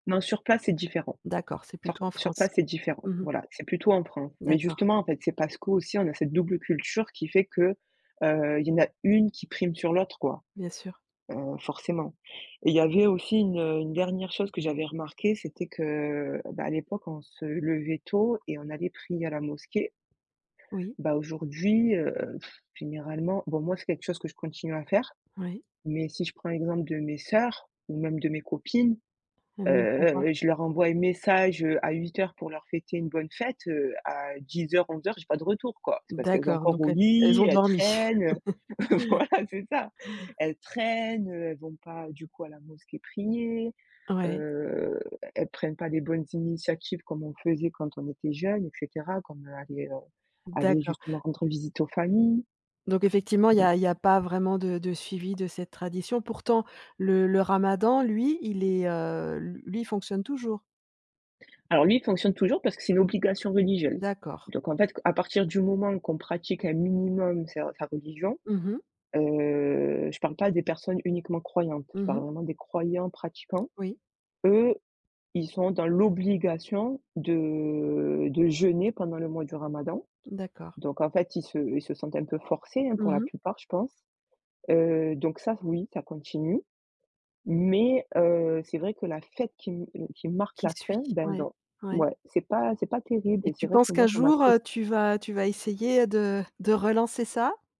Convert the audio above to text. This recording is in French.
Non, sur place, c'est différent. D'accord, c'est Sur plutôt en sur France? place, c'est différent. Mmh mh. Voilà, c'est plutôt en France, mais D'accord. justement, en fait, c'est parce qu'aussi, on a cette double culture qui fait que, heu, il y en a une qui prime sur l'autre quoi, Bien sûr. heu, forcément et il y avait aussi une, heu, une dernière chose que j'avais remarquée, c'était que, heu, bah à l'époque on se levait tôt et on allait prier à la mosquée. Oui. Bah aujourd'hui, heu, pff généralement bon moi c'est quelque chose que je continue à faire, Oui. mais si je prends exemple de mes sœurs ou même de mes copines. Elle ne prend pas? Heu, je leur envoie un message, heu, à 08:00 pour leur fêter une bonne fête, heu, à 10:00-11:00 j'ai pas de retour quoi. C'est parce qu'elles sont D'accord, encore donc au ell elles lit, ont elles dormi. traînent, heu, voilà, c'est ça. Elles traînent, heu, elles vont pas du coup à la mosquée prier, Ouais. heu, e elles prennent pas des bonnes initiatives comme on faisait quand on était jeunes et cetera. Comme, heu, aller, heu, aller D'accord. justement rendre visite aux familles. Donc effectivement il y Donc a il y a pas vraiment de de suivi de cette tradition. Pourtant le le ramadan lui il est, heu, lu lui, il fonctionne toujours? Alors lui, il fonctionne toujours parce que c'est une obligation religieuse, D'accord. donc en fait qu à partir du moment qu'on pratique un minimum ses sa religion, Mmh mh. heu, je parle pas des personnes uniquement croyantes, je Mmh mh. parle vraiment des croyants pratiquants. Oui. Eux, ils sont dans l'obligation de de jeûner pendant le mois du ramadan, D'accord. donc en fait, ils se ils se sentent un peu forcés hein pour Mmh la mh. plupart, je pense. Heu, donc ça, oui, ça continue, mais heu, c'est vrai que la fête qui m heu, qui marque Qui la fin, suis-je? beh Ouais, dans ouais. ouais, c'est pas c'est pas terrible Et et tu c'est vrai penses que qu'un moi, ça jour, heu, m'attriste. tu vas tu vas essayer, heu, de de relancer ça?